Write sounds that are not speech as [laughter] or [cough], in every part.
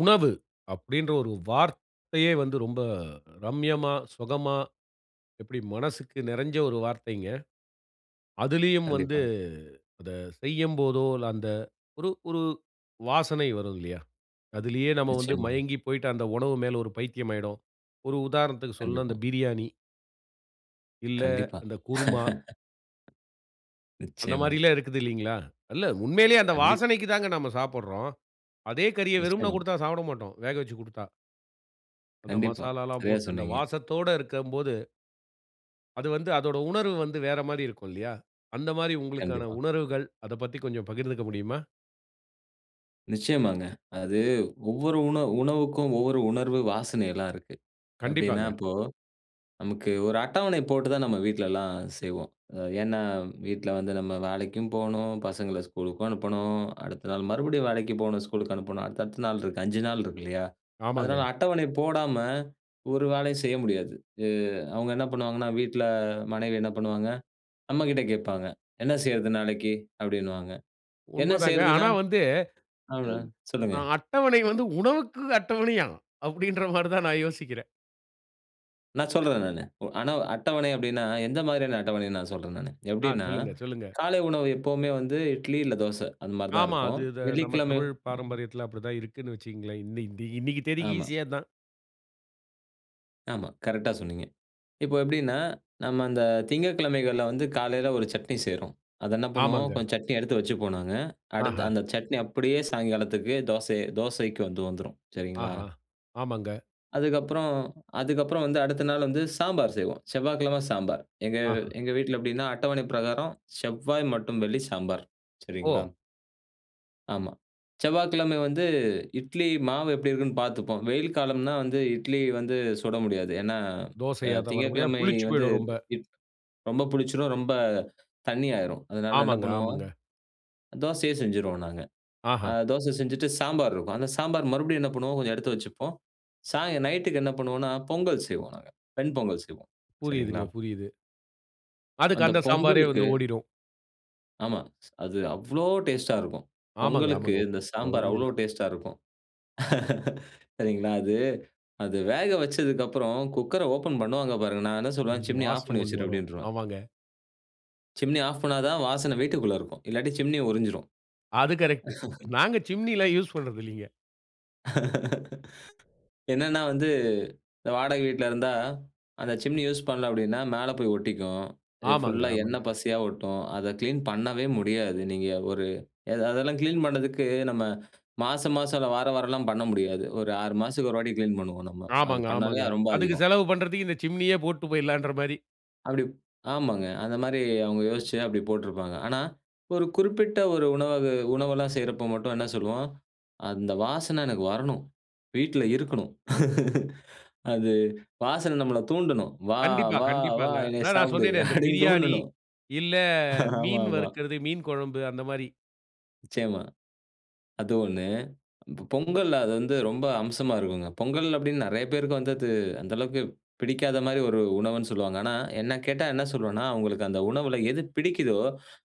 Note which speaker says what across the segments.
Speaker 1: "உணவு" அப்படின்ற ஒரு வார்த்தையே வந்து ரொம்ப ரம்மியமா, சுகமா எப்படி மனசுக்கு நிறைஞ்ச ஒரு வார்த்தைங்க. அதிலேயும் வந்து
Speaker 2: கண்டிப்பா.
Speaker 1: அத செய்யும்போதோ இல்ல அந்த ஒரு ஒரு வாசனை வருதுல்லயா, அதிலேயே நம்ம வந்து
Speaker 2: நிச்சயமா.
Speaker 1: மயங்கி போய்ட்டு அந்த உணவு மேல ஒரு பைத்தியம் ஆகியிடும். ஒரு உதாரணத்திற்கு சொல்லனும்னா அந்த
Speaker 2: கண்டிப்பா.
Speaker 1: பிரியாணி. இல்ல
Speaker 2: கண்டிப்பா.
Speaker 1: அந்தக் குருமா.
Speaker 2: [laughs]
Speaker 1: அந்த
Speaker 2: நிச்சயமா.
Speaker 1: மாதிரில்லாம் இருக்குது இல்லைங்களா? இல்ல உண்மையிலேயே அந்த
Speaker 2: கண்டிப்பா.
Speaker 1: வாசனைக்கு தான்ங்க நம்ம சாப்பிட்றோம். அதே கறிய வெறும்ன
Speaker 2: நிச்சயமா.
Speaker 1: கொடுத்தா சாப்பிட மாட்டோம், வேக வச்சுக்கொடுத்தா. அந்த
Speaker 2: கண்டிப்பா,
Speaker 1: மசாலால்லாம்
Speaker 2: சரியா
Speaker 1: போட்டு அந்த
Speaker 2: சொன்னீங்க.
Speaker 1: வாசத்தோடு இருக்கும்போது அது வந்து அதோட உணர்வு வந்து வேற மாதிரி இருக்கும் இல்லையா? அந்த மாதிரி உங்களுக்கான
Speaker 2: கண்டிப்பா.
Speaker 1: உணர்வுகள், அதைப் பத்தி கொஞ்சம் பகிர்ந்துக்க முடியுமா?
Speaker 2: நிச்சயமாங்க. அது ஒவ்வொரு உணவு உணவுக்கும் ஒவ்வொரு உணர்வு வாசனையெல்லாம் இருக்கு. எப்படின்னா
Speaker 1: கண்டிப்பாங்க.
Speaker 2: இப்போ நமக்கு ஒரு அட்டவணை போட்டு தான் நம்ம வீட்லல்லாம் செய்வோம். அ ஏன்னா வீட்ல வந்து நம்ம வேலைக்கும் போணும், பசங்கள ஸ்கூலுக்கும் அனுப்பணும், அடுத்த நாள் மறுபடியும் வேலைக்கு போணும், ஸ்கூலுக்கு அனுப்பணும். அடுத்த, அடுத்த நாள் இருக்கு, 5 நாள் இருக்கு இல்லையா? அதனால
Speaker 1: ஆமாங்க.
Speaker 2: அட்டவணை போடாம ஒரு வேலையும் செய்ய முடியாது. அ அவுங்க என்ன பண்ணுவாங்கன்னா, வீட்டுல மனைவி என்ன பண்ணுவாங்க, நம்மகிட்ட கேட்பாங்க, "என்ன செய்றது நாளைக்கு?" அப்படின்னுவாங்க. "என்ன
Speaker 1: உண்மதாங்க.
Speaker 2: செய்றதுன்னா?"
Speaker 1: ஆனா வந்து எக்
Speaker 2: அப்படீனா சொல்லுங்க.
Speaker 1: அ அட்டவணை வந்து, உணவுக்கு அட்டவணையா? அப்படீன்ற மாரி தான் நான் யோசிக்கிறேன்.
Speaker 2: நான் சொல்றேன், நானு. ஆனா அட்டவணை அப்படின்னா எந்த மாதிரியான அட்டவணைனு நான் சொல்றேன் நானு.
Speaker 1: ஆ.
Speaker 2: எப்படினா
Speaker 1: சொல்லுங்க, சொல்லுங்க.
Speaker 2: காலை உணவு எப்பவுமே வந்து இட்லி இல்ல தோசை அந்த மாரி தான்
Speaker 1: ஆமா.
Speaker 2: இருக்கு.
Speaker 1: அது இத நம்ம
Speaker 2: வெள்ளிக்கிழம
Speaker 1: தமிழர்
Speaker 2: ம்.
Speaker 1: பாரம்பரியத்தில அப்படி தான் இருக்குனு வச்சிக்கீங்களேன். இன் இந்த இன்னைக்கு தேதிக்கு
Speaker 2: ஆமா.
Speaker 1: ஈசியே அதான்.
Speaker 2: ஆமா கரெக்ட்டா சொன்னீங்க. இப்போ எப்படின்னா நம்ம அந்த திங்கட்கிழமைகள்ல வந்து காலையில ஒரு சட்னி செய்றோம். அத என்ன பண்ணுவோம்.
Speaker 1: ஆமாங்க.
Speaker 2: கொஞ்ச சட்னி எடுத்து வச்சுப்போம் நாங்க. அடுத்து
Speaker 1: ஆஹா.
Speaker 2: அந்த சட்னி அப்படியே சாயங்காலத்துக்கு தோசை தோசைக்கு வந்து வந்துரும். சரிங்களா.
Speaker 1: ஆஹா. ஆமாங்க.
Speaker 2: அதுக்கப்புறம், அதுக்கப்புறம் வந்து அடுத்த நாள் வந்து சாம்பார் செய்வோ. செவ்வாய்க்கிழம சாம்பார். எங்க
Speaker 1: ஆஹா.
Speaker 2: எங்க வீட்ல எப்படினா அட்டவணை பிரகாரம் செவ்வாய் மற்றும் வெள்ளி சாம்பார் சரிங்களா.
Speaker 1: ஓ!
Speaker 2: ஆமா. செவ்வாய்கிழம வந்து இட்லி மாவு எப்படி இருக்குன்னு பாத்துப்போம். வெயில் காலம்னா வந்து இட்லி வந்து சுட முடியாது. ஏனா,
Speaker 1: தோசையா வர முடியாம.
Speaker 2: திங்ககிழமை
Speaker 1: புளிச்சு
Speaker 2: வந்து
Speaker 1: போய்டும் ரொம்ப.
Speaker 2: ரொம்ப புளிச்சுரும். ரொம்ப தண்ணியாயிரும். அதனால என்ன
Speaker 1: ஆமாங்க,
Speaker 2: பண்ணுவோம்.
Speaker 1: ஆமாங்க.
Speaker 2: தோசையே செஞ்சுருவோம் நாங்க. ஆ
Speaker 1: ஆஹா.
Speaker 2: தோச செஞ்சுட்டு சாம்பார் இருக்கு. அந்த சாம்பார் மறுபடியு என்ன பண்ணுவோம், கொஞ்சம் எடுத்து வச்சுப்போம். சாயங் நைட்க்கு என்ன பண்ணுவோனா, பொங்கல் செய்வோம் நாங்க. வெண் பொங்கல் செய்வோம். சரிங்களா.
Speaker 1: புரியுதுங்க, புரியுது. அதுக்கு
Speaker 2: அந்த
Speaker 1: அந்த சாம்பாரே
Speaker 2: பொங்கலுக்கு
Speaker 1: வந்து ஓடிடும்.
Speaker 2: ஆமா, அது அவ்ளோ டேஸ்ட்டா இருக்கும்.
Speaker 1: ஆமாங்க,
Speaker 2: பொங்கலுக்கு
Speaker 1: ஆமாங்க.
Speaker 2: இந்த
Speaker 1: அ
Speaker 2: சாம்பார் அவ்ளோ
Speaker 1: உண்மைதான்.
Speaker 2: டேஸ்ட்டா இருக்கும். [laughs] சரீங்களா! அது, அது வேக வச்சதுக்கப்பறம் குக்கர ஓப்பன் பண்ணுவாங்க பாருங்க. நான் என்ன
Speaker 1: ஒரு
Speaker 2: சொல்லுவேன், "சிம்னி ஆஃப்
Speaker 1: வாசம்
Speaker 2: பண்ணி
Speaker 1: ஒண்ணு
Speaker 2: வச்சிரு"
Speaker 1: வரும்.
Speaker 2: அப்டீன்றுவேன்.
Speaker 1: ஆமாங்க.
Speaker 2: சிம்னி ஆஃப் பண்ணா தான் வாசன வீட்டுக்குள்ள இருக்கும். இல்லாட்டி சிம்னி உறிஞ்சிரும்.
Speaker 1: அது கரெக்ட். நாங்க சிம்னி எல்லாம் யூஸ்
Speaker 2: [laughs]
Speaker 1: பண்றதில்லீங்க.
Speaker 2: [laughs] என்னன்னா வந்து, இந்த வாடக வீட்ல இருந்தா, அந்த சிம்னி யூஸ் பண்ணல அப்டீன்னா மேல போயி ஒட்டிக்கும். இது
Speaker 1: ஆமாங்க,
Speaker 2: ஃபுல்லா
Speaker 1: ஆமாங்க.
Speaker 2: எண்ணெய் பசையா ஒட்டும். அத க்ளீன் பண்ணவே முடியாது. நீங்க ஒரு எ அதெல்லாம் க்ளீன் பண்றதுக்கு நம்ம மாச மாசம் இல்ல வார வாரம்லாம் பண்ண முடியாது. ஒரு 6 மாசத்துக்கு ஒரு வாட்டி க்ளீன் பண்ணுவோம் நம்ம. அது
Speaker 1: ஆமாங்க,
Speaker 2: பண்ணாலே
Speaker 1: ஆமாங்க.
Speaker 2: அது ரொம்ப
Speaker 1: அதுக்கு
Speaker 2: அதிகம்.
Speaker 1: செலவு பண்றதுக்கு இந்த சிம்னியே போட்டு போயிட்லாம்ன்ற மாரி.
Speaker 2: அப்பிடி, ஆமாங்க அந்த மாரி அவங்க யோசிச்சி அப்பிடி போட்டிருப்பாங்க. ஆனா, ஒரு குறிப்பிட்ட ஒரு உணவகு உணவெல்லாம் செய்றப்ப மட்டும் என்ன சொல்லுவோம், "அந்த வாசனை எனக்கு வரணும். வீட்ல இருக்கணும்". [laughs] அது வாசனை நம்மள தூண்டணும். "வா!
Speaker 1: கண்டிப்பா,
Speaker 2: வா! வா!
Speaker 1: கண்டிப்பாங்க.
Speaker 2: என்னை
Speaker 1: அதான் நான்
Speaker 2: சாப்புடு"
Speaker 1: சொன்னேனே, இந்த
Speaker 2: அப்டீன்னு
Speaker 1: பிரியாணி
Speaker 2: தூண்டனும்.
Speaker 1: இல்ல மீன்
Speaker 2: ஆமாமா.
Speaker 1: வறுக்குறது, மீன் கொழம்பு அந்த மாரி.
Speaker 2: நிச்சயமா, அது 1 இப்ப பொங்கல் அது வந்து ரொம்ப அம்சமா இருக்குங்க. பொங்கல் அப்டீன்னு நெறைய பேருக்கு வந்து அது அந்த அளவுக்கு பிடிக்காத மாரி ஒரு உணவுன்னு சொல்லுவாங்க. ஆனா என்னை கேட்டா என்ன சொல்லுவேன்னா, அவங்களுக்கு அந்த உணவுல எது பிடிக்குதோ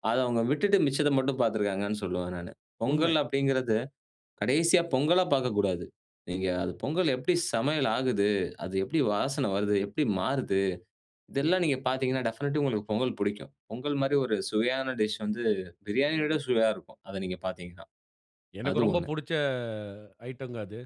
Speaker 2: அத அவங்க விட்டுட்டு மிச்சத மட்டும் பாத்துருக்காங்கன்னு சொல்லுவேன் நானு.
Speaker 1: உண்மை.
Speaker 2: பொங்கல் அப்டீங்குறது கடைசியா பொங்கலா பாக்கக்கூடாது. நீங்க அது பொங்கல் எப்படி சமையல் ஆகுது? அது எப்படி வாசனை வருது? எப்படி மாறுது? இதெல்லாம் நீங்க பாத்தீங்கன்னா, டெஃபினைட்லி உங்களுக்கு பொங்கல் பிடிக்கும். பொங்கல் மாதிரி ஒரு சுவையான டிஷ் வந்து பிரியாணிய விட சுவையா இருக்கும். அத நீங்க பார்த்தீங்கன்னா
Speaker 1: எனக்கு
Speaker 2: அது
Speaker 1: ரொம்ப
Speaker 2: 1
Speaker 1: பிடிச்ச ஐட்டங்க அது.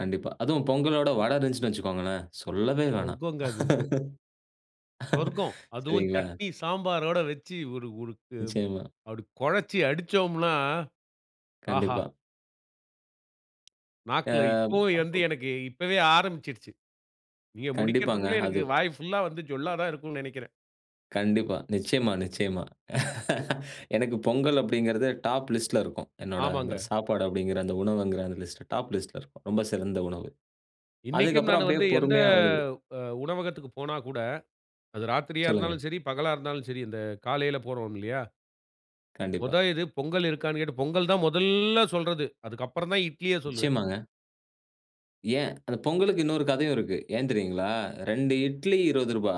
Speaker 2: கண்டிப்பா. அதுவும் பொங்கலோட வடை இருந்துச்சுன்னு வச்சுக்கோங்களேன், சொல்லவே வேணாம்.
Speaker 1: சொர்க்கம்ங்க அது.
Speaker 2: [laughs]
Speaker 1: சொர்க்கம். அதுவும்
Speaker 2: சரிங்களா?
Speaker 1: சட்னி, சாம்பாரோடு வைச்சி ஓரு ஓரு
Speaker 2: நிச்சயமா.
Speaker 1: அப்படி குழைச்சி அடிச்சோம்னா, ஆஹா.
Speaker 2: கண்டிப்பா. அ
Speaker 1: நாக்குல இப்போவும் வந்து
Speaker 2: அப்பு.
Speaker 1: எனக்கு இப்பவே ஆரமிச்சிடுச்சி. நீங்க
Speaker 2: கண்டிப்பாங்க.
Speaker 1: முடிக்குறதற்குள்ள எனக்கு
Speaker 2: அது.
Speaker 1: வாய் புல்லா வந்து ஜொள்ளா தான் இருக்கும்னு நினைக்குறேன்.
Speaker 2: கண்டிப்பா, நிச்சயமா, நிச்சயமா. [laughs] எனக்கு பொங்கல் அப்டீங்குறது டாப் லிஸ்ட்ல இருக்கும். என்னுடைய அந்த
Speaker 1: ஆமாங்க.
Speaker 2: சாப்பாடு அப்டீங்குற அந்த உணவுங்குற அந்த லிஸ்ட் டாப் லிஸ்ட்ல இருக்கும். ரொம்ப சிறந்த உணவு.
Speaker 1: இன்னைக்கும்
Speaker 2: அதுக்கப்புறம்
Speaker 1: நான்
Speaker 2: அப்படியே
Speaker 1: வந்து எந்த,
Speaker 2: பொறுமையா வருது.
Speaker 1: அ உணவகத்திற்கு போனா கூட அது ராத்திரியா
Speaker 2: சொல்லுங்க.
Speaker 1: இருந்தாலும் சரி, பகலா இருந்தாலும் சரி இந்த காலையில போறோம் இல்லியா?
Speaker 2: கண்டிப்பா.
Speaker 1: மொத இது பொங்கல் இருக்கான்னு கேட்டு, பொங்கல் தான் மொதல்ல சொல்றது. அதற்கு அப்புறம் தான் இட்லிய சொல்லுவேன்.
Speaker 2: நிச்சயமாங்க. ஏன் அந்த பொங்கலுக்கு இன்னொரு கதையும் இருக்கு. ஏன் தெரியுங்களா? 2 இட்லி ரூ. 20,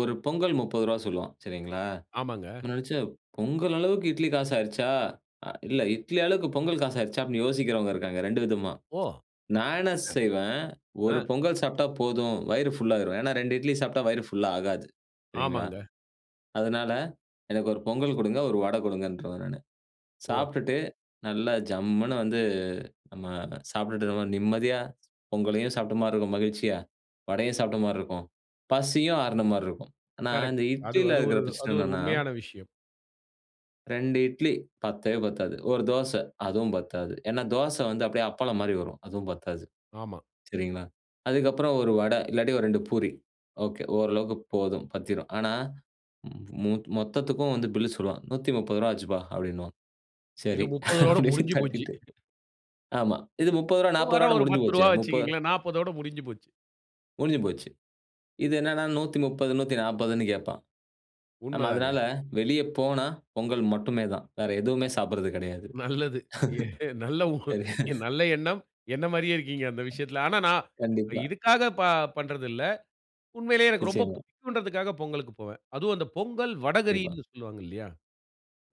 Speaker 2: 1 பொங்கல் ரூ. 30 சொல்லுவான். சரிங்களா.
Speaker 1: ஆமாங்க.
Speaker 2: நான் நினைச்சேன், பொங்கல் அளவுக்கு இட்லி காசு ஆயிருச்சா? அ இல்ல, இட்லி அளவுக்கு பொங்கல் காசு ஆயிருச்சா அப்டின்னு யோசிக்கிறவங்க இருக்காங்க, 2 விதமா.
Speaker 1: ஓ! அப்
Speaker 2: நான் என்ன செய்வேன், ஒரு
Speaker 1: அ.
Speaker 2: பொங்கல் சாப்ட்டா போதும், வயிறு ஃபுல் ஆயிரும். ஏன்னா 2 இட்லி சாப்ட்டா வயிறு ஃபுல்லா ஆகாது. சரிங்களா.
Speaker 1: ஆமாங்க.
Speaker 2: அதனால எனக்கு 1 பொங்கல் கொடுங்க, 1 வட கொடுங்கன்றுவேன் நானு.
Speaker 1: ஓ!
Speaker 2: சாப்ட்டுட்டு நல்லா ஜம்முனு வந்து நம்ம சாப்ட்டுட்ருக்கும்போ, நிம்மதியா பொங்கலையும் சாப்ட்ட மாரி இருக்கும், மகிழ்ச்சியா வடையும் சாப்ட்ட மாரி இருக்கும், பசியும் ஆருன மாரி இருக்கும். ஆனா இந்த
Speaker 1: கரெக்ட். அது
Speaker 2: இட்லில
Speaker 1: அது
Speaker 2: இருக்கிற
Speaker 1: ஒரு அது
Speaker 2: பிரச்சன
Speaker 1: ஒரு
Speaker 2: என்னான்னா
Speaker 1: உண்மையான விஷயம்.
Speaker 2: 2 இட்லி பத்தவே பத்தாது. 1 தோச, அதுவும் பத்தாது. ஏன்னா தோசை வந்து அப்டியே அப்பளம் மாரி வரும். அதுவும் பத்தாது.
Speaker 1: ஆமா.
Speaker 2: சரிங்களா. அதுக்கப்புறம் 1 வட இல்லாட்டி ஒரு 2 பூரி, ஒகே ஓரளவுக்கு போதும், பத்திரும். ஆனா, மொ மொத்தத்துக்கும் வந்து பில்லு சொல்லுவான். "ரூ. 130 ஆச்சுப்பா" அப்படின்னுவான்.
Speaker 1: இது
Speaker 2: சரி,
Speaker 1: 30
Speaker 2: அப்படின்னு
Speaker 1: முடிஞ்சு போச்சு.
Speaker 2: கட்டிட்டு.
Speaker 1: [chuckles]
Speaker 2: ஆமா. இது முப்பது ரூவா,
Speaker 1: 1
Speaker 2: நாற்பது
Speaker 1: வட
Speaker 2: ரூவாயோட
Speaker 1: ஒரு
Speaker 2: முடிஞ்சு
Speaker 1: பத்து
Speaker 2: போச்சே.
Speaker 1: ரூவா
Speaker 2: முப்ப
Speaker 1: வச்சிக்கங்களேன். 40 முடிஞ்சு போச்சு.
Speaker 2: முடிஞ்சு போச்சு. இது என்னன்னா 130, 140ன்னு கேட்பான். நம்ம
Speaker 1: உண்மதாங்க.
Speaker 2: அதுனால வெளிய போனா பொங்கல் மட்டுமே தான். வேற எதுவுமே சாப்பிடுறது கிடையாது.
Speaker 1: நல்லது. ஏ நல்ல உ
Speaker 2: [laughs]
Speaker 1: நல்ல எண்ணம். என்ன மாரியே இருக்கீங்க, அந்த விஷயத்துல. ஆனா நான்
Speaker 2: கண்டிப்பா.
Speaker 1: இதுக்காக ப பண்றதில்ல. உண்மையிலேயே எனக்கு ரொம்ப
Speaker 2: நிச்சயமா.
Speaker 1: புடிக்கும்ன்றதுக்காக பொங்கலுக்கு போவேன். அதும் அந்த பொங்கல்
Speaker 2: [unintelligible]
Speaker 1: வடகறின்னு சொல்வாங்க இல்லையா?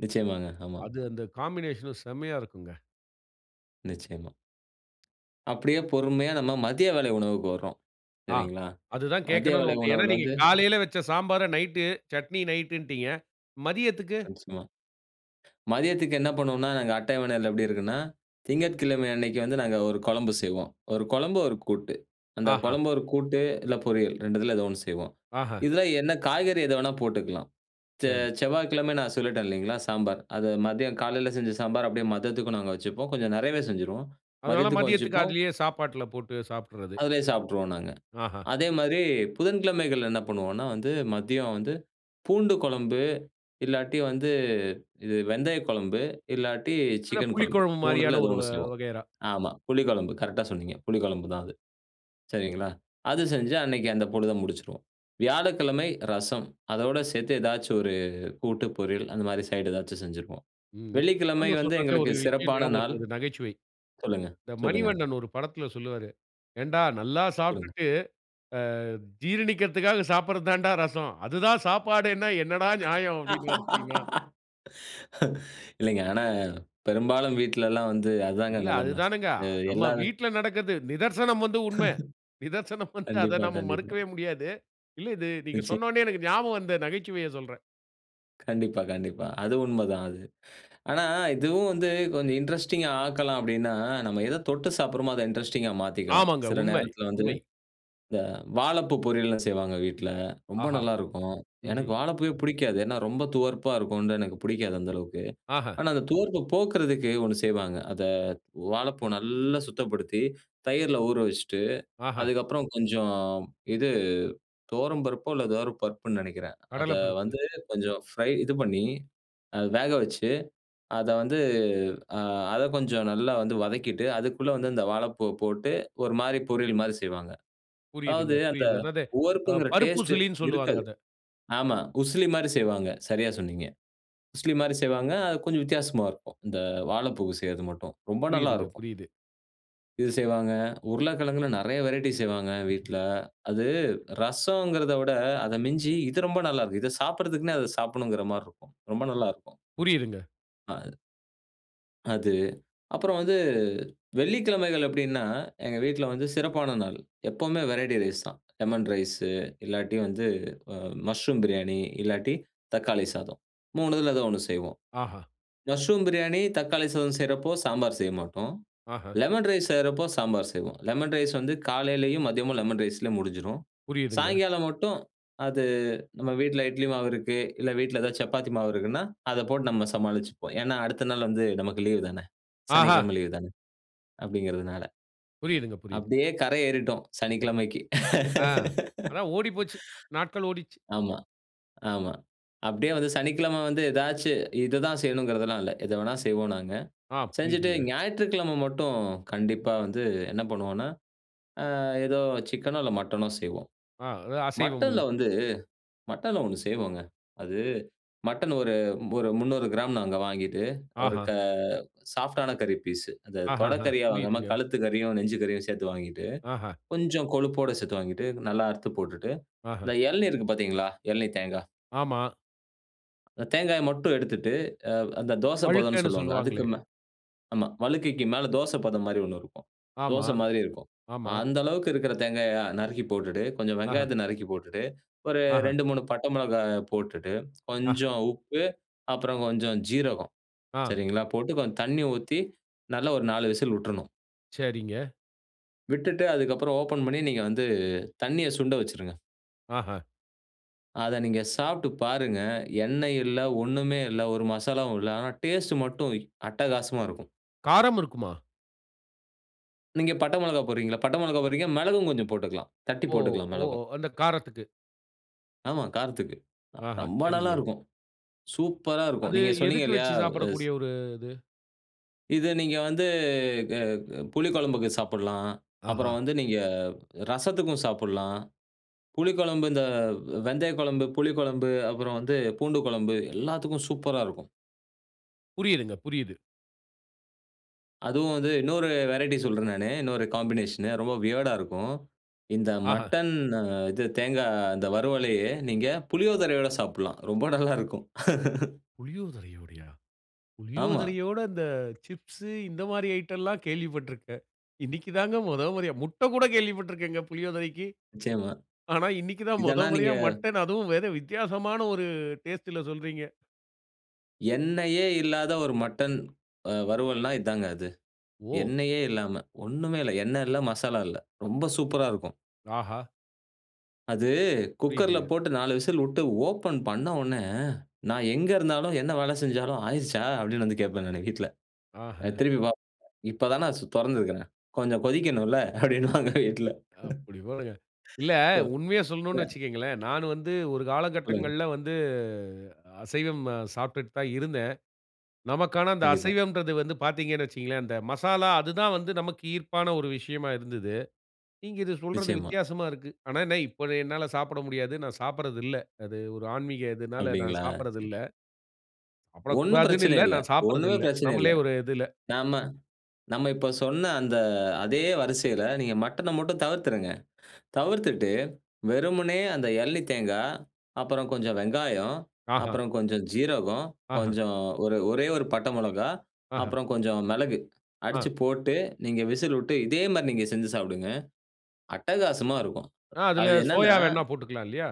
Speaker 2: நிச்சயமாங்க, ஆமா.
Speaker 1: அது அந்த காம்பினேஷன்ல செம்மையா இருக்குங்க.
Speaker 2: நிச்சயமா. அப்டியே பொறுமையா நம்ம மதிய வேளை உணவுக்கு வரோம்,
Speaker 1: ஆ,
Speaker 2: சரிங்களா.
Speaker 1: அதுதான்
Speaker 2: மதிய
Speaker 1: கேட்கணுனு
Speaker 2: வேளை
Speaker 1: வந்தேன். ஏனா
Speaker 2: உணவுல
Speaker 1: நீங்க
Speaker 2: வந்து
Speaker 1: காலையில வச்ச சாம்பார நைட்டு சட்னி நைட்டுன்டீங்க, மதியத்துக்கு?
Speaker 2: Once more. மதியத்துக்கு என்ன பண்ணுவோம்னா, நாங்க அட்டவணைல எப்டி இருக்குன்னா, திங்கட்கிழமை அன்னைக்கு வந்து நாங்க ஒரு குழம்பு செய்வோம். ஒரு குழம்பு, ஒரு கூட்டு. அந்த
Speaker 1: ஆஹா.
Speaker 2: குழம்பு, ஒரு கூட்டு இல்ல பொரியல் 2த்துல ஏதோ ஒண்ணு செய்வோம்.
Speaker 1: ஆஹ.
Speaker 2: இதுல என்ன காய்கறி எது வேணா போட்டுக்கலாம். செ
Speaker 1: சரி.
Speaker 2: செவ்வாய்க்கிழமை நான் சொல்லிட்டேன் இல்லிங்களா, சாம்பார். அத மதியம் காலையில செஞ்ச சாம்பார் அப்டியே மதியத்துக்கும் நாங்க வச்சுப்போம். கொஞ்சம் நெறையவே செஞ்சுருவோம்,
Speaker 1: அதனால
Speaker 2: மதியத்துக்கும்
Speaker 1: மதியத்துக்கு,
Speaker 2: வச்சுப்போம்.
Speaker 1: அதிலேயே சாப்பாட்டுல போட்டு சாப்புட்டறது.
Speaker 2: அதுலேயே சாப்பட்டுருவோம் நாங்க.
Speaker 1: அஹ.
Speaker 2: அதே மாரி புதன்கிழமைகள் என்ன பண்ணுவோம்னா வந்து, மதியம் வந்து பூண்டு குழம்பு இல்லாட்டி வந்து இது வெந்தய குழம்பு இல்லாட்டி
Speaker 1: அத
Speaker 2: சிக்கன் குழம்பு.
Speaker 1: புளிக்குழம்பு மாரியான
Speaker 2: 3த்துல ஏதோ
Speaker 1: ஒரு வ
Speaker 2: ஒண்ணு செய்வோம்.
Speaker 1: வகையறா.
Speaker 2: ஆமா, புளி குழம்பு கரெக்ட்டா சொன்னீங்க, புளி குழம்பு தான் அது. சரிங்களா, அது செஞ்சு அன்னைக்கு அந்த பொழுத முடிச்சுருவோம். வியாழக்கிழமை ரசம், அதோட சேர்த்து ஏதாச்சும் ஒரு கூட்டு, பொரியல் அந்த மாரி சைட் ஏதாச்சும் செஞ்சுருப்போம்.
Speaker 1: ம். நீ
Speaker 2: வெள்ளிக்கிழமை
Speaker 1: [unintelligible]
Speaker 2: வந்து
Speaker 1: சொல்றது ஒரு
Speaker 2: எங்களுக்கு
Speaker 1: விஷயம்
Speaker 2: சிறப்பான
Speaker 1: ஞாபகம் வருது
Speaker 2: நாள்.
Speaker 1: ஒரு நகைச்சுவை.
Speaker 2: சொல்லுங்க,
Speaker 1: இந்த
Speaker 2: சொல்லுங்க.
Speaker 1: மணிவண்ணன் ஒரு படத்துல சொல்வாரு, "ஏன்டா, நல்லா
Speaker 2: சொல்லுங்க.
Speaker 1: சாப்புட்டுட்டு ஆ ஜீரணிக்கறதுக்காக சாப்புடுறது தான்டா ரசம். அதுதான் சாப்பாடேன்னா என்னடா நியாயம்" அப்டின்பார் தெரியுமா?
Speaker 2: [laughs] இல்லைங்க. ஆனா பெரும்பாலும் வீட்ல எல்லாம் வந்து அதாங்க
Speaker 1: இல்ல அது
Speaker 2: நெலம.
Speaker 1: தானேங்க.
Speaker 2: அ
Speaker 1: அ நம்ம
Speaker 2: எல்லாமே
Speaker 1: வீட்ல நடக்கறது நிதர்சனம் வந்து உண்ம.
Speaker 2: [chuckles]
Speaker 1: நிதர்சனம் வந்து அத
Speaker 2: கண்டிப்பா,
Speaker 1: நம்ம
Speaker 2: கண்டிப்பா.
Speaker 1: மறுக்கவே முடியாது. இல்ல இது நீங்க
Speaker 2: நிச்சியம்.
Speaker 1: சொன்ன ஒன்னே எனக்கு ஞாபகம் வந்த நகைச்சுவைய சொல்றேன்.
Speaker 2: கண்டிப்பா, கண்டிப்பா. அது உண்மதான் அது. ஆனா, இதுவும் வந்து கொஞ்சம் இன்ட்ரஸ்டிங்கா ஆக்கலாம் அப்டின்னா, நம்ம எத தொட்டு சாப்ட்றோமோ அத இன்ட்ரஸ்டிங்கா மாத்திக்கலாம்.
Speaker 1: ஆமாங்க.
Speaker 2: சில
Speaker 1: உண்மை
Speaker 2: நேரத்துல வந்து,
Speaker 1: உண்மை.
Speaker 2: இந்த வாழைப்பூ பொரியல்லலாம் செய்வாங்க வீட்ல ரொம்ப
Speaker 1: ஆஹா!
Speaker 2: நல்லாருக்கும். எனக்கு
Speaker 1: ம்ஹூம்.
Speaker 2: வாழைப்பூவே புடிக்காது. ஏன்னா ரொம்ப துவர்ப்பா இருக்கும்னு தான் எனக்கு புடிக்காது அந்த அளவுக்கு.
Speaker 1: ஆஹ.
Speaker 2: ஆனா அந்த துவர்ப்பு போக்குறதுக்கு ஒண்ணு செய்வாங்க. அத வாழைப்பூ நல்லா சுத்தப்படுத்தி தயிர்ல ஊற வச்சுட்டு,
Speaker 1: ஆஹ.
Speaker 2: அதுக்கப்புறம் கொஞ்சம் இது துவரம்பருப்போ இல்ல ஏதோ பருப்புன்னு நெனைக்கிறேன். அத
Speaker 1: கடல பருப்பு.
Speaker 2: வந்து கொஞ்சம் ஃப்ரை இது பண்ணி அத வேக வச்சு, அத வந்து அ அத கொஞ்சம் நல்லா வந்து வதக்கிட்டு, அதுக்குள்ள வந்து இந்த வாழைப்பூவ போட்டு ஒரு மாதிரி பொரியல் மாதிரி செய்வாங்க.
Speaker 1: புரியுதுங்க
Speaker 2: அதாவது அந்த
Speaker 1: புரியுது. அதாவது அ
Speaker 2: உவர்ப்புங்கிற
Speaker 1: பருப்பு
Speaker 2: டேஸ்ட்
Speaker 1: சுளின்னு சொல்லுவாங்க
Speaker 2: இருக்காது.
Speaker 1: அத.
Speaker 2: ஆமா, உசிலி மாதிரி செய்வாங்க. சரியா சொன்னீங்க. உசிலி மாதிரி செய்வாங்க. அது கொஞ்சம் வித்தியாசமா இருக்கும். இந்த வாழைப்பூ செய்றது மட்டும் ரொம்ப நல்லா
Speaker 1: புரியுதுங்க
Speaker 2: இருக்கும்.
Speaker 1: புரியுது.
Speaker 2: இது செய்வாங்க. உருளைக்கெழங்குல நெறைய வெரைய்ட்டி செய்வாங்க வீட்ல. அது ரசம்ங்கிறத விட அத மிஞ்சி இது ரொம்ப நல்லா இருக்கும். இதை சாப்ட்றதுக்குனே அத சாப்பிடணும்ங்கிற மாரி இருக்கும்.ரொம்ப நல்லா இருக்கும்.
Speaker 1: புரியிதுங்க.
Speaker 2: ஆ. அது அப்பறம் வந்து வெள்ளிக்கிழமைகள்ல எப்டீன்னா, எங்க வீட்ல வந்து சிறப்பான நாள். எப்பவுமே வெரைட்டி ரைஸ் தான். லெமன் ரைஸ் இல்லாட்டி வந்து ம மஷ்ரூம் பிரியாணி, இல்லாட்டி தக்காளி சாதம். 3துல ஏதோ ஒண்ணு செய்வோம்.
Speaker 1: ஆஹ.
Speaker 2: மஷ்ரூம் பிரியாணி, தக்காளி சாதம் செய்யுறப்போ சாம்பார் செய்ய மாட்டோம்.
Speaker 1: ஆஹ.
Speaker 2: லெமன் ரைஸ் செய்யுறப்போ சாம்பார் செய்வோம். லெமன் ரைஸ் வந்து காலையிலேயும், மதியமும் லெமன் ரைஸ்லேயே முடிஞ்சிடும்.
Speaker 1: புரியுதுங்க.
Speaker 2: சாயங்காலம் மட்டும் அது நம்ப வீட்ல இட்லி மாவு இருக்கு இல்ல, வீட்ல ஏதாவது சப்பாத்தி மாவு இருக்குனா, அத போட்டு நம்ப சமாளிச்சுப்போம். ஏன்னா, அடுத்த நாள் வந்து நமக்கு லீவ் தான?
Speaker 1: ஆஹா!
Speaker 2: சனிக்கிழமை லீவ் தான? அப்டீங்குறதுனால.
Speaker 1: புரியுதுங்க, புரியுதுங்க.
Speaker 2: அப்டியே கரை ஏறிட்டோம் சனிக்கிழமைக்கு.
Speaker 1: அ. அதான் ஓடிப்போச்சி. நாட்கள்
Speaker 2: [laughs]
Speaker 1: ஓடிச்சி.
Speaker 2: ஆமா, ஆமா. அப்டியே வந்து சனிக்கிழமை வந்து ஏதாச்சும் இதுதான் செய்யணுங்குறதெல்லாம் இல்ல, எத வேணா செய்வோம் நாங்க.
Speaker 1: ஆ.
Speaker 2: செஞ்சுட்டு
Speaker 1: புரியுதுங்க.
Speaker 2: ஞாயிற்றுக்கிழமை மட்டும் கண்டிப்பா வந்து என்ன பண்ணுவோம்னா, அ ஏதோ சிக்கனோ இல்ல மட்டனோ செய்வோம்.
Speaker 1: ஆ ஏ அசைவம் ஒண்ணு.
Speaker 2: மட்டன்ல வந்து மட்டன்ல ஒண்ணு செய்வோங்க. அது மட்டன் ஒரு ஒரு 300கிராம் நாங்க வாங்கிட்டு, ஒரு
Speaker 1: ஆஹா.
Speaker 2: க சாஃப்ட்டான கறி பீஸு. அத
Speaker 1: ஆஹஹ
Speaker 2: தொடக்கறியா வாங்காம
Speaker 1: புரியுதுங்க.
Speaker 2: கழுத்து கறியும், நெஞ்சு கறியும் சேர்த்து வாங்கிட்டு,
Speaker 1: ஆஹா.
Speaker 2: கொஞ்சம் கொழுப்போடு சேர்த்து வாங்கிட்டு நல்லா அறுத்து போட்டுட்டு,
Speaker 1: ஆஹ.
Speaker 2: இந்த இளநீ இருக்கு பாத்தீங்களா? இளநீத் தேங்கா.
Speaker 1: ஆமா.
Speaker 2: அந்த தேங்காய் மட்டும் எடுத்துட்டு அ அந்த தோசப்பதம்னு
Speaker 1: வழுக்கன்னு
Speaker 2: சொல்லுவாங்க.
Speaker 1: சொல்லுவாங்களே?
Speaker 2: அதுக்கு மே ஆமா வழுக்கைக்கு மேலே தோசைப்பதம் மாரி ஒண்ணு இருக்கும்.
Speaker 1: ஆமா.
Speaker 2: தோச மாரி இருக்கும்.
Speaker 1: ஆமா.
Speaker 2: அந்த அளவுக்கு இருக்கிற தேங்காய நறுக்கி போட்டுட்டு, கொஞ்ச
Speaker 1: ஆஹா.
Speaker 2: வெங்காயத்த நறுக்கி போட்டுட்டு, ஒரு
Speaker 1: ஆஹ.
Speaker 2: 2, 3 பட்ட மொளகா போட்டுட்டு,
Speaker 1: ஆஹ.
Speaker 2: கொஞ்சம் உப்பு அப்புற கொஞ்சம் சீரகம்
Speaker 1: ஆ.
Speaker 2: சரிங்களா? போட்டு கொஞ்ச தண்ணீ ஊத்தி நல்லா ஒரு 4 விசில் விட்றணும்.
Speaker 1: சரிங்க.
Speaker 2: விட்டுட்டு அதுக்கு அப்புற ஓப்பன் பண்ணி நீங்க வந்து தண்ணீய சுண்ட வச்சிடுங்க.
Speaker 1: ஆஹா.
Speaker 2: அத நீங்க சாப்ட்டு பாருங்க, எண்ணெய் இல்ல, ஒண்ணுமே இல்ல ஒரு மசாலாவு இல்ல. ஆனா டேஸ்ட் மட்டும் அட்டகாசமா இருக்கும்.
Speaker 1: காரம் இருக்குமா?
Speaker 2: நீங்க பட்ட மிளகா போடுறீங்களா? பட்டை மிளகா போடுறீங்க, மிளகும் கொஞ்ச போட்டுக்கலாம். தட்டி
Speaker 1: ஓ!
Speaker 2: போட்டுக்கலாம்
Speaker 1: ஓ!
Speaker 2: மிளகும்.
Speaker 1: அந்த காரத்துக்கு.
Speaker 2: ஆமா காரத்துக்கு. அ
Speaker 1: ஆஹா.
Speaker 2: ரொம்ப நல்லா
Speaker 1: சரிங்க.
Speaker 2: இருக்கும். சூப்பர்ரா இருக்கும்.
Speaker 1: அது
Speaker 2: நீங்க சொன்னீங்க
Speaker 1: எதுக்கு
Speaker 2: இல்லையா?
Speaker 1: வச்சு
Speaker 2: அஸ்
Speaker 1: சாப்பிடக்கூடிய ஒரு இது?
Speaker 2: இத நீங்க வந்து அ அ புளி கொழம்புக்கு சாப்ட்லாம். அப்புறம்
Speaker 1: ஆஹா.
Speaker 2: வந்து நீங்க ரசத்துக்கு சாப்ட்லாம். புளிக்கொழம்பு இந்த ஆ வெந்தயக் கொழம்பு, புளிக்கொழம்பு, அப்புறம் வந்து பூண்டு கொழம்பு எல்லாத்துக்கும் சூப்பர்ரா இருக்கும்.
Speaker 1: புரியுதுங்க, புரியுது.
Speaker 2: அதுவும் வந்து இன்னொரு வெரைட்டி சொல்றேன் நானு. இன்னொரு காம்பினேஷன், ரொம்ப வியர்டா இருக்கும். இந்த
Speaker 1: ஆஹ.
Speaker 2: மட்டன் அ இது தேங்கா இந்த வறுவலையே நீங்க புளியோதரையோட சாப்பிடலாம். ரொம்ப நல்லா இருக்கும்.
Speaker 1: புளியோதரையோடையா?
Speaker 2: ஆமா.
Speaker 1: புளியோதரையோட இந்த சிப்ஸ் இந்த மாதிரி ஐட்டம் எல்லாம் கேள்விப்பட்டுருக்கேன். இன்னைக்கு தாங்க முத முறையா முட்ட கூட கேள்விப்பட்டு இருக்கேங்க புளியோதரைக்கு.
Speaker 2: நிச்சயமா.
Speaker 1: ஆனா, இன்னைக்கு தான் முத
Speaker 2: இதெல்லாம் நீங்க
Speaker 1: முறையா மட்டன் அதுவும் வேற வித்தியாசமான ஒரு டேஸ்ட்ல சொல்றீங்க.
Speaker 2: எண்ணெயே இல்லாத ஒரு மட்டன் அ வறுவல்னா இதாங்க அது.
Speaker 1: ஓ!
Speaker 2: எண்ணெயே இல்லாம, ஒண்ணுமே இல்ல, எண்ணெ இல்ல, மசாலா இல்ல. ரொம்ப சூப்பரா இருக்கும்.
Speaker 1: ஆஹா!
Speaker 2: அது, குக்கர்ல
Speaker 1: புரியுதுங்க.
Speaker 2: போட்டு 4 விசில் விட்டு ஓப்பன் பண்ண உடனே, நான் எங்க இருந்தாலும், என்ன வேலை செஞ்சாலும், "ஆயிருச்சா?" அப்டீன்னு வந்து கேட்பேன் நானு வீட்ல. அ
Speaker 1: ஆஹ.
Speaker 2: திருப்பி பாப்பாங்க. "இப்போ தான் நான் சு தொறந்துருக்குறேன். கொஞ்சம் கொதிக்கணும்ல்ல?" அப்டீன்பாங்க வீட்ல.
Speaker 1: அப்டி போடுங்க. இல்ல
Speaker 2: ப
Speaker 1: உண்மைய சொல்லணும்னு
Speaker 2: ம
Speaker 1: வச்சிக்கோங்களேன், நானு வந்து ஒரு
Speaker 2: சொல்லுங்க.
Speaker 1: காலகட்டங்கள்ல வந்து அசைவம் அ சாப்ட்டுட்டு தான் இருந்தேன். நமக்கான அந்த
Speaker 2: கண்டிப்பா.
Speaker 1: அசைவம்ன்றது வந்து பாத்தீங்கன்னு வச்சிக்கோங்களேன், அந்த மசாலா அது தான் வந்து நமக்கு ஈர்ப்பான ஒரு விஷயமா இருந்தது. நீங்க இது சொல்றது
Speaker 2: நிச்சயமா.
Speaker 1: வித்தியாசமா இருக்கு. ஆனா என்ன, இப்போ அத என்னால சாப்பிட முடியாது. நான் சாப்பட்றது இல்ல. அது ஒரு ஆன்மீக இதுனால நான்
Speaker 2: அப்டீங்களா?
Speaker 1: சாப்பட்றது
Speaker 2: சரி.
Speaker 1: இல்ல.
Speaker 2: ஒண்ணும்
Speaker 1: சாப்படக்கூடாதுனு
Speaker 2: பிரச்சனை
Speaker 1: இல்ல,
Speaker 2: இல்ல.
Speaker 1: நான்
Speaker 2: ஒண்ணுமே
Speaker 1: சாப்பட்றதில்ல.
Speaker 2: பிரச்சனை இல்ல.
Speaker 1: நம்பளே ஒரு இதுல.
Speaker 2: நம்ப நம்ப இப்ப சொன்ன அந்த அதே வரிசையில நீங்க மட்டன மட்டும் தவிர்த்துருங்க. தவிர்த்துட்டு வெறுமனே அந்த இளநீ தேங்கா, அப்புறம் கொஞ்சம் வெங்காயம்,
Speaker 1: ஆஹா.
Speaker 2: அப்புறம் கொஞ்சம் ஜீரகம்,
Speaker 1: ஆஹ.
Speaker 2: கொஞ்சம் ஒரு ஒரே ஒரு பட்ட மிளகாய்,
Speaker 1: ஆஹ.
Speaker 2: அப்புறம் கொஞ்சம் மிளகு அடிச்சு
Speaker 1: ஆ.
Speaker 2: போட்டு நீங்க விசில் விட்டு இதே மாதிரி நீங்க செஞ்சு சாப்பிடுங்க. அட்டகாசமா இருக்கும்.
Speaker 1: ஆ அதுல
Speaker 2: அது என்னன்னா
Speaker 1: சோயா வேணும்னா போட்டுக்கலாம் இல்லயா?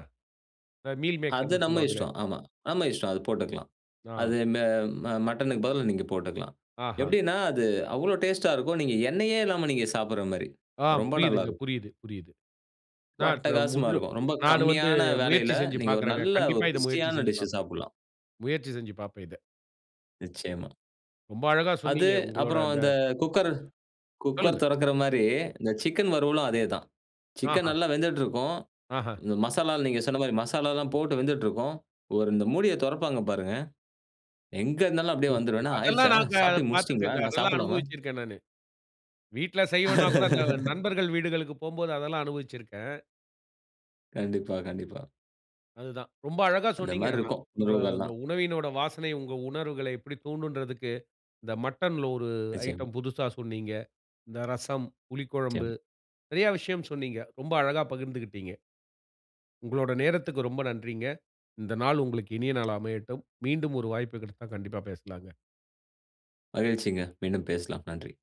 Speaker 1: அ மீல்
Speaker 2: அது
Speaker 1: மேக்கர்னு
Speaker 2: நம்ப
Speaker 1: சொல்வாங்களே!
Speaker 2: இஷ்டம், ஆமா. நம்ப இஷ்டம், அது போட்டுக்கலாம்.
Speaker 1: ஆ.
Speaker 2: அது மெ ம மட்டனுக்கு பதிலா நீங்க போட்டுக்கலாம்.
Speaker 1: ஆஹா.
Speaker 2: எப்டீன்னா அது அவ்ளோ டேஸ்டா இருக்கும், நீங்க எண்ணெயே இல்லாம நீங்க சாப்பிடுற மாதிரி.
Speaker 1: ஆ
Speaker 2: ரொம்ப நல்லா
Speaker 1: புரியுதுங்க,
Speaker 2: இருக்கும்.
Speaker 1: புரியுது, புரியுது.
Speaker 2: ரொம்ப
Speaker 1: நான்
Speaker 2: அட்டகாசமா
Speaker 1: [unintelligible]
Speaker 2: இருக்கும். ரொம்ப
Speaker 1: நானு வந்து
Speaker 2: கம்மியான
Speaker 1: முயற்சி
Speaker 2: வேலையில
Speaker 1: செஞ்சு
Speaker 2: நீங்க ஒரு
Speaker 1: பார்க்குறேங்க.
Speaker 2: நல்ல
Speaker 1: கண்டிப்பா
Speaker 2: ஒரு
Speaker 1: இத முயற்சி
Speaker 2: புஷ்டியான
Speaker 1: செஞ்சு
Speaker 2: டிஷ்ஷு
Speaker 1: பாப்பேன்
Speaker 2: சாப்டலாம்.
Speaker 1: முயற்சி செஞ்சு பாப்பேன் இத.
Speaker 2: நிச்சயமா.
Speaker 1: ரொம்ப அழகா
Speaker 2: அது
Speaker 1: சொன்னீங்க. உங்களோட
Speaker 2: அப்புறம்
Speaker 1: அந்த
Speaker 2: அந்த குக்கர் குக்கர்
Speaker 1: சொல்லுங்க.
Speaker 2: தொறக்குற மாதிரி, இந்த சிக்கன் வறுவலும் அதேதான். சிக்கன்
Speaker 1: ஆஹ.
Speaker 2: நல்லா வெந்துட்டு இருக்கும்.
Speaker 1: ஆஹ.
Speaker 2: இந்த மசாலால நீங்க சொன்ன மாதிரி மசாலாலாம் போட்டு வெந்துட்டு இருக்கும். ஒரு, இந்த மூடிய தொறப்பாங்க பாருங்க. எங்க இருந்தாலும் அப்படியே வந்துருவேன்,
Speaker 1: [unintelligible]
Speaker 2: "என்ன
Speaker 1: அதெல்லாம்
Speaker 2: ஆயிருச்சா?
Speaker 1: நாங்க அத
Speaker 2: சாப்பிட்டு முடிச்சுட்டீங்களா?
Speaker 1: பாத்துருக்கேங்க,
Speaker 2: நான்
Speaker 1: அதெல்லாம்
Speaker 2: சாப்பிடலாமா?"
Speaker 1: அனுபவிச்சிருக்கேன் நானு. வீட்ல செய்யலேன்னா கூட, அந்த
Speaker 2: [laughs]
Speaker 1: நண்பர்கள் வீடுகளுக்கு போம்போது அதெல்லாம் அனுபவிச்சிருக்கேன்.
Speaker 2: கண்டிப்பா, கண்டிப்பா.
Speaker 1: அதுதான். ரொம்ப அழகா
Speaker 2: அந்த
Speaker 1: சொன்னீங்க
Speaker 2: மாதிரி
Speaker 1: ஆனா.
Speaker 2: இருக்கும்,
Speaker 1: உங்க அந்த
Speaker 2: உணவுகல்லாம்.
Speaker 1: உணவினோட வாசனை, உங்க உணர்வுகள எப்படி தூண்டும்ன்றதுக்கு இந்த மட்டன்ல ஒரு
Speaker 2: நிச்சியமா.
Speaker 1: ஐட்டம் புதுசா சொன்னீங்க. இந்த ரசம், புளிக்குழம்பு
Speaker 2: நிச்சியம்.
Speaker 1: நெறைய விஷயம் சொன்னீங்க. ரொம்ப அழகா பகிர்ந்துக்கிட்டீங்க. உங்களோட நேரத்துக்கு ரொம்ப நன்றிங்க. இந்த நாள் உங்களுக்கு இனிய நாளா அமையட்டும். மீண்டும் ஒரு வாய்ப்பு கிடைத்தா கண்டிப்பா பேசலாம்ங்க.
Speaker 2: மகிழ்ச்சிங்க. மீண்டும் பேசலாம். நன்றி.